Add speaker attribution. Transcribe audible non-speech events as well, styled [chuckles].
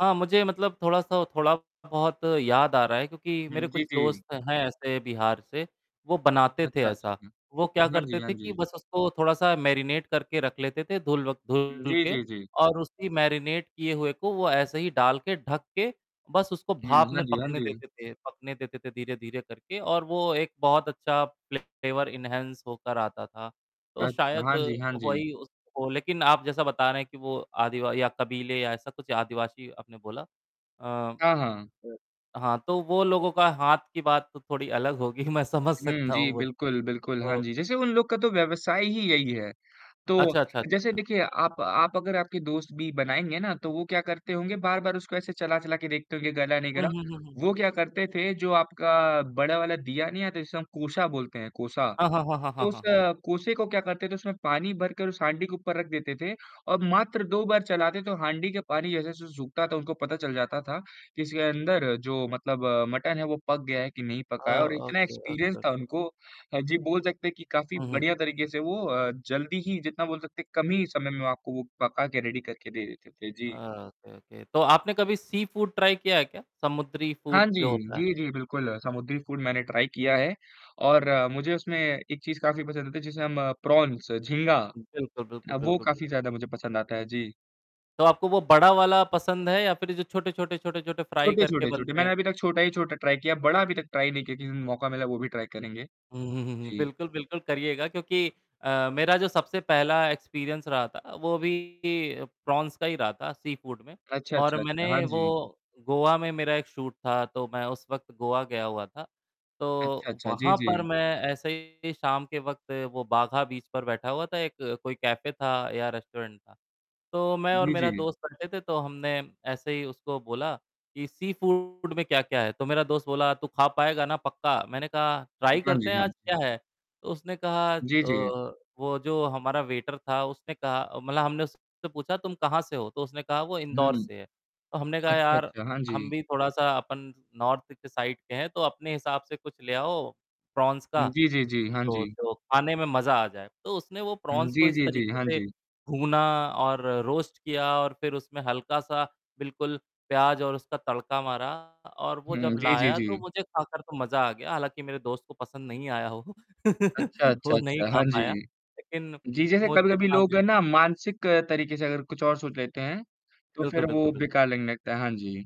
Speaker 1: हाँ, मुझे मतलब थोड़ा-सा थोड़ा बहुत याद आ रहा है क्योंकि मेरे
Speaker 2: हुँ।
Speaker 1: कुछ
Speaker 2: जी, जी।
Speaker 1: दोस्त हैं ऐसे बिहार से, वो बनाते थे
Speaker 2: अच्छा, अच्छा।
Speaker 1: ऐसा,
Speaker 2: हुँ।
Speaker 1: वो क्या
Speaker 2: हाँ
Speaker 1: करते
Speaker 2: जी, हाँ
Speaker 1: थे कि
Speaker 2: जी।
Speaker 1: बस उसको थोड़ा-सा मैरिनेट करके रख लेते थे धुल व
Speaker 2: हुँ।
Speaker 1: धुल
Speaker 2: जी,
Speaker 1: के
Speaker 2: जी, जी।
Speaker 1: और उसकी मैरिनेट किए हुए को वो ऐसे ही डाल के, ढक के बस उसको
Speaker 2: हुँ।
Speaker 1: भाप
Speaker 2: हाँ
Speaker 1: में
Speaker 2: जी, हाँ
Speaker 1: पकने
Speaker 2: जी।
Speaker 1: देते थे पकने देते थे धीरे-धीरे करके और वो एक बहुत अच्छा फ्लेवर एन्हांस होकर आता था, तो
Speaker 2: अच्छा।
Speaker 1: शायद
Speaker 2: हाँ जी, हाँ जी।
Speaker 1: वही हो, लेकिन आप जैसा बता रहे हैं कि वो आदि या कबीले या ऐसा कुछ आदिवासी आपने बोला अ
Speaker 2: हाँ, हाँ।
Speaker 1: अ, हाँ, तो वो लोगों का हाथ की बात तो थोड़ी अलग होगी मैं समझ
Speaker 2: हुँ।
Speaker 1: सकता
Speaker 2: जी
Speaker 1: हूँ वो तो।
Speaker 2: बिल्कुल, बिल्कुल। हाँ
Speaker 1: तो
Speaker 2: जी, जैसे उन लोग का तो व्यवसाय ही यही है, तो
Speaker 1: अच्छा, अच्छा,
Speaker 2: जैसे
Speaker 1: अच्छा।
Speaker 2: देखिए आप आप अगर आपके दोस्त भी बनाएँगे ना, तो वो क्या करते होंगे बार-बार उसको ऐसे चला-चला के देखते होंगे कि गला नहीं
Speaker 1: हुँ,
Speaker 2: गला,
Speaker 1: हुँ, हुँ, हुँ।
Speaker 2: वो क्या करते थे जो आपका बड़ा वाला दिया नहीं आता, जिसे हम कोसा बोलते हैं कोसा,
Speaker 1: हाँ, हाँ, हाँ, हाँ,
Speaker 2: तो उस
Speaker 1: हाँ।
Speaker 2: कोसे को क्या करते थे उसमें पानी भरकर, उस हाँडी के ऊपर रख देते थे और मात्र 2 बार चलाते थे, तो हाँडी के पानी जैसे-जैसे सूखता था, उनको पता चल जाता था कि इसके अंदर जो मतलब अ, मटन है वो पक गया है कि नहीं
Speaker 1: अ,
Speaker 2: पका है और इतना
Speaker 1: ओके,
Speaker 2: एक्सपीरियंस था
Speaker 1: ओके।
Speaker 2: उनको हाँ जी, बोल सकते हैं कि काफ़ी
Speaker 1: हुँ, हुँ।
Speaker 2: बढ़िया तरीके से वो अ, जल्दी ही जितना बोल सकते हैं कम ही समय में आपको वो पका के रेडी करके दे देते थे।
Speaker 1: अ,
Speaker 2: जी।
Speaker 1: Okay, okay. तो आपने कभी सी फ़ूड किया है क्या, समुद्री
Speaker 2: हाँ
Speaker 1: फ़ूड
Speaker 2: जी।
Speaker 1: जो होता है?
Speaker 2: जी, जी बिल्कुल। समुद्री फ़ूड मैंने ट्राई किया है और मुझे उसमें एक चीज़ काफ़ी पसंद आती, जिसे हम प्रॉन्स झींगा,
Speaker 1: बिल्कुल, बिल्कुल,
Speaker 2: अ, वो
Speaker 1: बिल्कुल, बिल्क
Speaker 2: काफ़ी ज़्यादा मुझे पसंद आता है। जी।
Speaker 1: तो आपको वो बड़ा वाला पसंद है या फ़िर जो छोटे-छोटे, छोटे-छोटे फ्राई
Speaker 2: छोटे,
Speaker 1: करके
Speaker 2: छोटे, छोटे।
Speaker 1: बनते हैं?
Speaker 2: मैंने अभी तक छोटा ही छोटा ट्राई किया, बड़ा अभी तक ट्राई नहीं किया लेकिन मौका मिला वो भी ट्राई करेंगे।
Speaker 1: हुँ, हुँ, हुँ, हुँ।
Speaker 2: जी।
Speaker 1: बिल्कुल, बिल्कुल। करिएगा क्योंकि अ, मेरा जो सबसे पहला एक्सपीरियंस रहा था वो भी प्रॉन्स का ही रहा था सी फ़ूड में
Speaker 2: अच्छा,
Speaker 1: और
Speaker 2: अच्छा, अच्छा। हाँ
Speaker 1: मैंने वो
Speaker 2: जी।
Speaker 1: गोवा में मेरा एक शूट था, तो मैं उस वक़्त गोवा गया हुआ था, तो
Speaker 2: अच्छा, अच्छा। जी,
Speaker 1: वहाँ पर
Speaker 2: जी।
Speaker 1: मैं ऐसे ही शाम के वक़्त वो बागा बीच पर बैठा हुआ था। एक कोई कैफ़े था या रेस्टोरेंट था, तो मैं और
Speaker 2: जी,
Speaker 1: मेरा
Speaker 2: जी।
Speaker 1: दोस्त बैठे थे तो हमने ऐसे ही उसको बोला कि सी फ़ूड में क्या-क्या है? तो मेरा दोस्त बोला "तू खा पाएगा ना पक्का?" मैंने कहा "ट्राई
Speaker 2: हाँ
Speaker 1: करते
Speaker 2: जी,
Speaker 1: हैं
Speaker 2: हाँ
Speaker 1: आज
Speaker 2: जी।
Speaker 1: क्या है?" तो उसने कहा अ,
Speaker 2: जी, जी।
Speaker 1: वो जो हमारा वेटर था उसने कहा मतलब हमने उससे पूछा "तुम कहाँ से हो?" तो उसने कहा "वो इंदौर
Speaker 2: हुँ।
Speaker 1: से है," तो हमने कहा
Speaker 2: अच्छा,
Speaker 1: "यार
Speaker 2: अच्छा। हाँ
Speaker 1: हम
Speaker 2: जी।
Speaker 1: भी थोड़ा-सा अपन नार्थ की साइड के हैं, तो अपने हिसाब से कुछ ले आओ प्रॉन्स
Speaker 2: हुँ।
Speaker 1: का
Speaker 2: जी, जी, जी। हाँ
Speaker 1: तो
Speaker 2: जी।
Speaker 1: तो खाने में मज़ा आ जाए," तो उसने वो
Speaker 2: हुँ।
Speaker 1: प्रॉन्स को
Speaker 2: जी,
Speaker 1: इस
Speaker 2: जी, जी।
Speaker 1: तरीके
Speaker 2: हाँ
Speaker 1: से
Speaker 2: जी।
Speaker 1: भूना और रोस्ट किया और फ़िर उसमें हल्का-सा बिल्कुल प्याज़ और उसका तड़का मारा और वो जब
Speaker 2: हुँ। जी, जी,
Speaker 1: लाया तो
Speaker 2: जी।
Speaker 1: मुझे खाकर तो मज़ा आ गया, हालाँकि मेरे दोस्त को पसंद नहीं आया वो
Speaker 2: अच्छा,
Speaker 1: [chuckles]
Speaker 2: अच्छा,
Speaker 1: वो नहीं
Speaker 2: अच्छा।
Speaker 1: खा
Speaker 2: हाँ जी।
Speaker 1: पाया। लेकिन
Speaker 2: जी, जैसे
Speaker 1: मुझे
Speaker 2: कभी-कभी
Speaker 1: खाने
Speaker 2: लोग
Speaker 1: में
Speaker 2: है ना मानसिक तरीके से अगर कुछ और सोच लेते हैं, तो
Speaker 1: बिल्कुल,
Speaker 2: फ़िर
Speaker 1: बिल्कुल,
Speaker 2: वो
Speaker 1: बिल्कुल।
Speaker 2: बेकार लगने लगता है। हाँ जी।